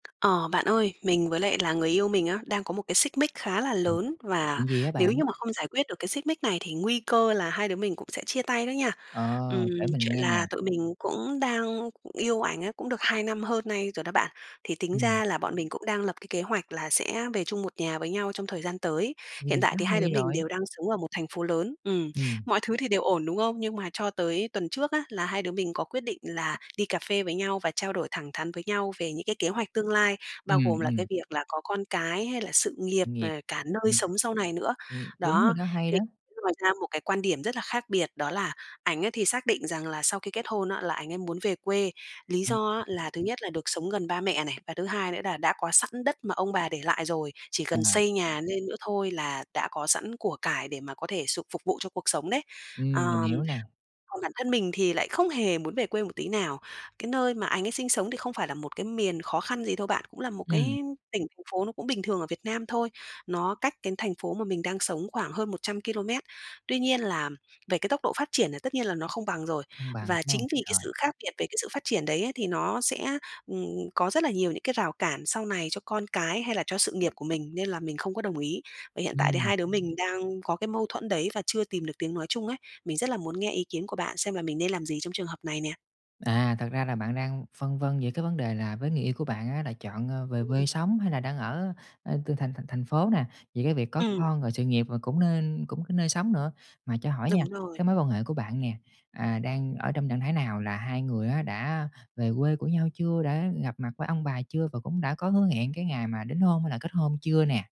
Ờ, bạn ơi, mình với lại là người yêu mình á, đang có một cái xích mích khá là [unintelligible] lớn và chuyện gì á nếu bạn? như mà không giải quyết được cái xích mích này thì nguy cơ là hai đứa mình cũng sẽ chia tay đó nha. Ừm, Ờ, kể mình chuyện nghe nè. là tụi mình cũng đang cũng yêu ảnh ấy, cũng được 2 năm hơn nay rồi đó bạn, thì tính Ừm. ra là bọn mình cũng đang lập cái kế hoạch là sẽ về chung một nhà với nhau trong thời gian tới. Vậy thì Hiện tại quá thì hai đứa hay mình rồi! đều đang sống ở một thành phố lớn. Ừm, Ừm. mọi thứ thì đều ổn, đúng không? Nhưng mà cho tới tuần trước á, là hai đứa mình có quyết định là đi cà phê với nhau và trao đổi thẳng thắn với nhau về những cái kế hoạch tương lai, bao Ừm, gồm là ừm. cái việc là có con cái hay là sự nghiệp, ờ, Nghiệp. cả nơi Ừm. sống sau này nữa. Ừm, đúng rồi Đó, đó, hay thì đó. cũng lòi ra một cái quan điểm rất là khác biệt đó là ảnh á thì xác định rằng là sau khi kết hôn á là ảnh ấy muốn về quê. Lý Ừm. do á [unintelligible] là thứ nhất là được sống gần ba mẹ này, và thứ hai nữa là đã có sẵn đất mà ông bà để lại rồi, chỉ cần À. xây nhà nên nữa thôi là đã có sẵn của cải để mà có thể sục phục vụ cho cuộc sống đấy. Ừm, mình Ờm, hiểu nè. còn bản thân mình thì lại không hề muốn về quê một tí nào. Cái nơi mà ảnh ấy sinh sống thì không phải là một cái miền khó khăn gì đâu bạn, cũng là một cái Ừm. tỉnh thành phố nó cũng bình thường ở Việt Nam thôi. Nó cách cái thành phố mà mình đang sống khoảng hơn 100 ki-lô-mét, tuy nhiên làm về cái tốc độ phát triển là tất nhiên là nó không bằng rồi Không bằng và ha. chính vì cái Rồi. sự khác biệt về cái sự phát triển đấy ấy thì nó sẽ, ừm, có rất là nhiều những cái rào cản sau này cho con cái, hay là cho sự nghiệp của mình nên là mình không có đồng ý. Và hiện tại thì Ừm. hai đứa mình đang có cái mâu thuẫn đấy và chưa tìm được tiếng nói chung ấy. Mình rất là muốn nghe ý kiến của bạn xem là mình nên làm gì trong trường hợp này nè. À, thật ra là bạn đang phân vân về cái vấn đề là với người yêu của bạn á là chọn, ơ, về Ừm quê sống hay là đang ở, ờ, từ thành thành thành phố nè, về cái việc có Ừm. con, rồi sự nghiệp rồi cũng nên cũng nơi sống nữa. Mà cho hỏi Đúng nha, rồi. cái mối quan hệ của bạn nè, à, đang ở trong trạng thái nào là hai người á đã về quê của nhau chưa, đã gặp mặt với ông bà chưa và cũng đã có hứa hẹn cái ngày mà đính hôn hay là kết hôn chưa nè?